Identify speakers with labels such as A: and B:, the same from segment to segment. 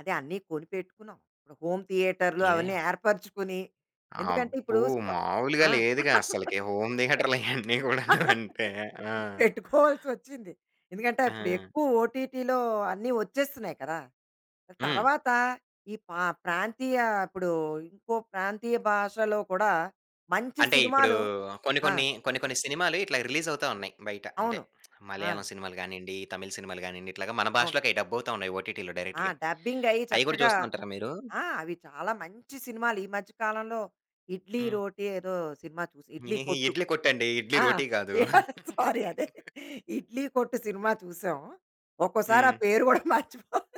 A: అదే అన్నీ కొనిపెట్టుకున్నాం. ఇప్పుడు హోమ్ థియేటర్లు
B: ఏ
A: అవన్నీ
B: [unintelligible]
A: ఏర్పరుచుకుని, ఎందుకంటే
B: అబ్బో!
A: ఇప్పుడు స్ప
B: మాములుగా
A: ఆ!
B: లేదుగా అసలకి. హోమ్ థియేటర్లు ఇయన్నీ గూడాను అంటే ఆ!
A: పెట్టుకోవాల్సొచ్చింది. ఎందుకంటే అప్పుడు
B: ఆ!
A: ఎక్కువ ఓటీటీలో అన్ని ఒచ్చేస్తున్నాయి కదా!
B: హ్మ్.
A: తరువాత ఈ పా ప్రాంతీయ ఇప్పుడు ఇంకో ప్రాంతీయ భాషలో కూడా మంచి
B: అంటే ఇప్పుడు
A: సినిమాలు
B: కొన్ని
A: ఆ!
B: కొన్ని, కొన్ని కొన్ని సినిమాలు ఇట్లా రిలీజ్ అవుతా ఉన్నాయి. బయట అంటే
A: అవును. ఆ!
B: మలయాళం సినిమాలు గానియండి, తమిళ్ సినిమాలు గానియండి ఇట్లాగ మన
A: అవును.
B: భాషలోకయి డబ్బవుతా ఉన్నాయి ఓటీటీలో
A: ఆ!
B: డైరెక్ట్‌గా.
A: డబ్బింగ్ అయ్యి
B: అయి గూడా
A: చక్కగా
B: చూస్తా ఉంటారా మీరు?
A: ఆ! అవి చాలా మంచి సినిమాలు ఈ మధ్య కాలంలో ఇడ్లీ
B: హ్మ్.
A: రోటీ ఏదో సినిమా చూసా. 'ఇడ్లీ కొట్టు.'
B: 'ఇడ్లీ కొట్టండి.' ఇడ్లీ
A: ఆ!
B: రోటి గాదు.
A: అయ్యా! సారీ అదే 'ఇడ్లీ కొట్టు' సినిమా చూసాం. ఒక్కోసారి ఆ
B: హ్మ్.
A: పేరు గూడా మర్చిపోను.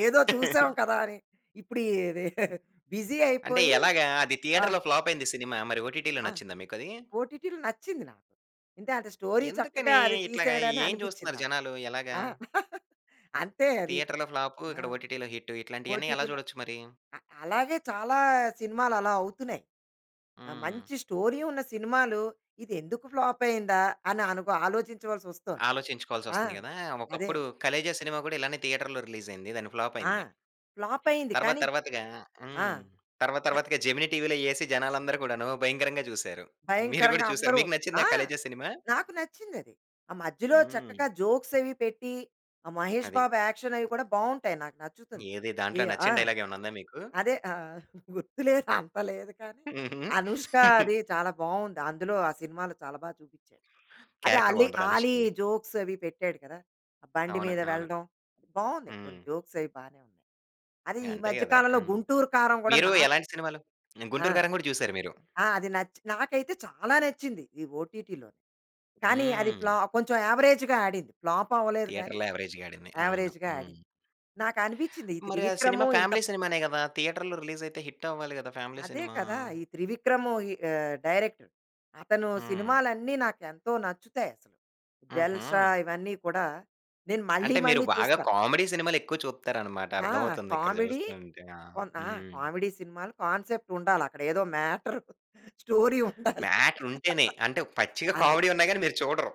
A: ఏదో చూసాం కదా! అని ఇప్పుడు ఈ రె
B: హ్మ్.
A: బిజి
B: అంటే
A: అయిపోయి
B: ఎలాగా అది
A: ఆ!
B: థియేటర్‌లో ఫ్లాప్ అయింది సినిమా. మరి ఓటీటీలో
A: ఆ!
B: నచ్చిందా మీకది?
A: ఓటీటీలో నచ్చింది నాకు. అంటే అంత స్టోరీ చక్కగా
B: ఎందుకని
A: అది
B: ఇట్లాగ
A: తీసాడని
B: ఏం
A: అనిపిచ్చింది
B: జూస్తున్నారు
A: నాకు.
B: జనాలు? ఎలాగా?
A: ఆ! అంతే అది.
B: థియేటర్‌లో ఫ్లాపు,
A: ఆ!
B: ఇక్కడ ఓటీటీలో హిట్టు. ఇట్లాంటియన్నీ ఎలా
A: ఓటీపీలో
B: జూడొచ్చు మరి?
A: అ అలాగే చాలా సినిమాలు అలా అవుతున్నాయి. ఆహ్,
B: హ్మ్.
A: మంచి స్టోరీ ఉన్న సినిమాలు ఇదేందుకు ఫ్లాప్ అయిందా? అని అనుబ ఆలోచించవలసొస్తుంది. ఆ!
B: ఆలోచించుకోవాల్సొస్తుంది గదా!
A: అదే.
B: ఒకప్పుడు 'ఖలేజా' సినిమా గూడా ఇలానే థియేటర్‌లో రిలీజ్ అయింది. దాన్ని ఫ్లాప్
A: ఆ!
B: అయింది.
A: ఫ్లాప్ అయింది
B: తరువాత
A: కానీ
B: తరువాతగా
A: ఆ!
B: హ్మ్. తర్వాత
A: అ!
B: తర్వాతగా జెమినీ టీవీలో యేసి జనాలందరూ కూడాను భయంకరంగా జూసారు. మీరు గూడా
A: భయంకరంగా
B: జూసారా?
A: అందరూ
B: మీకు నచ్చిందా
A: ఆ!
B: 'ఖలేజా' సినిమా?
A: నాకు నచ్చిందది. ఆ మధ్యలో
B: హ్మ్.
A: చక్కగా జోక్స్ అవి పెట్టి, ఆ మహేష్
B: అది.
A: బాబు యాక్షన్ అవి కూడా బావుంటాయి నాకు నచ్చుతుంది.
B: ఏది
A: ఈ
B: దాంట్లో
A: ఆ!
B: నచ్చిన డైలాగ్ ఏమన్నా ఉందా మీకు?
A: అదే ఆహ్, గుర్తు లేదు అంత లేదు కానీ
B: హుహు.
A: అనుష్క అది చాలా బావుంది. అందులో ఆ సినిమాలో చాలా బాగా చూపిచ్చాడు. అదే
B: క్యారెక్టర్
A: ఆల్లీ
B: బావుంటదా
A: ఆలీ
B: అనుష్కాది.
A: జోక్స్ అవి పెట్టాడు కదా! ఆ బండి
B: అవును.
A: మీద
B: అవును.
A: వెళ్ళడం, బావున్నాయి. కొన్ని
B: హ్మ్.
A: జోక్స్ అవి బానే ఉన్నాయి. అది ఈ
B: అంతే
A: మధ్య
B: గదా!
A: కాలంలో
B: హ్మ్.
A: 'గుంటూరు కారం' గూడా
B: మీరు
A: నాకు
B: ఎలాంటి సినిమాలు
A: ఆ!
B: 'గుంటూరు కారం' గూడా జూసారు మీరు?
A: ఆ! అది నచ్చి నాకైతే చాలా నచ్చింది ఈ ఓటీటీలోని. కానీ అది
B: హ్మ్.
A: ప్లా కొంచెం యావరేజ్‌గా ఆడింది ఫ్లాప్ అవ్వలేదు గానీ,
B: థియేటర్‌లో అవరేజ్‌గాడింది. అవును.
A: యావరేజ్‌గా
B: హ్మ్.
A: ఆడింది. నాకనిపిచ్చింది ఈ
B: మరి ఆ సినిమా
A: త్రివిక్రము ఇంత
B: ఫ్యామిలీ
A: బా
B: సినిమానే గదా! థియేటర్‌లో రిలీజ్ అయితే హిట్ అవ్వాలి గదా! ఫ్యామిలీ
A: అదే
B: సినిమా?
A: కదా! ఈ త్రివిక్రము ఈ ఆహ్, డైరెక్టర్. అతను
B: హ్మ్.
A: సినిమాలన్నీ నాకేంతో నచ్చుతాయసలు. 'జల్సా'
B: హుహు.
A: ఇవన్నీ కూడా నేను మళ్ళీ,
B: అంటే మీరు
A: మళ్ళీ
B: బాగా
A: చూస్తాం.
B: కామెడీ సినిమాలెక్కువ చూత్తారనమాట.
A: ఆ!
B: అర్థం అవుతుంది ఇక్కడ
A: కామెడీ,
B: జూస్తుంటే. ఆ!
A: కొన్ ఆ!
B: హ్మ్.
A: కామెడీ సినిమాలు కాన్సెప్ట్ ఉండాలక్కడ. ఏదో మ్యాటర్ స్టోరీ ఉండాలి.
B: మ్యాటరుంటేనే అంటే పచ్చిగా
A: అది.
B: కామెడీ ఉన్నా గాని మీరు చూడరు.